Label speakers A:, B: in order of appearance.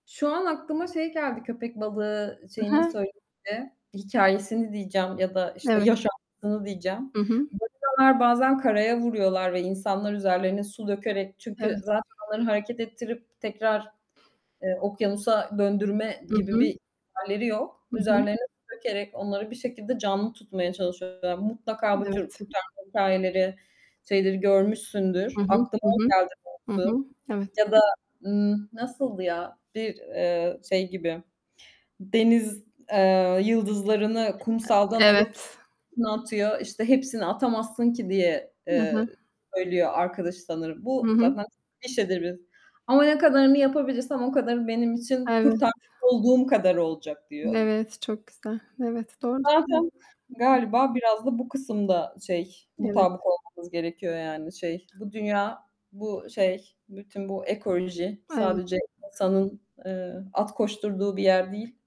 A: Şu an aklıma şey geldi, köpek balığı
B: Hı
A: şeyini
B: hı.
A: söyleyince, hikâyesini diyeceğim ya da, işte,
B: Evet.
A: yaşantısını diyeceğim.
B: Hı hı.
A: Balinalar bazen karaya vuruyorlar ve insanlar üzerlerine su dökerek Çünkü
B: Evet.
A: zaten onları hareket ettirip tekrar, eee, okyanusa döndürme
B: Hı
A: gibi
B: hı.
A: bir hâlleri yok.
B: Hı hı.
A: Üzerlerine su dökerek onları bir şekilde canlı tutmaya çalışıyorlar. Mutlaka bu tür
B: Evet.
A: kurtarma hikâyeleri, şeyleri görmüşsündür.
B: Hı hı.
A: Aklıma
B: Hı
A: o
B: hı.
A: geldi
B: Hı
A: doğrusu
B: hı. Evet.
A: ya da, ımm, nasıldı ya, bir, eee, şey gibi deniz, eee, yıldızlarını
B: E
A: kumsaldan alıp
B: evet.
A: içine atıyor, işte, "Hepsini atamazsın ki." diye,
B: Hı
A: eee,
B: hı.
A: söylüyor arkadaşı sanırım.
B: Hı
A: Bu
B: hı.
A: zaten, [unintelligible] "Ama ne kadarını yapabilirsem o kadarı benim için
B: Evet.
A: kurtarmış olduğum kadarı olacak." diyor.
B: Evet, çok güzel. Evet, doğru söylüyorsun.
A: Zaten
B: [unintelligible]
A: galiba biraz da bu kısımda şey,
B: Evet.
A: mutabık olmamız gerekiyor. Yani, şey, bu dünya, bu şey bütün bu ekoloji
B: Evet.
A: sadece insanın, ııı, at koşturduğu bir yer değil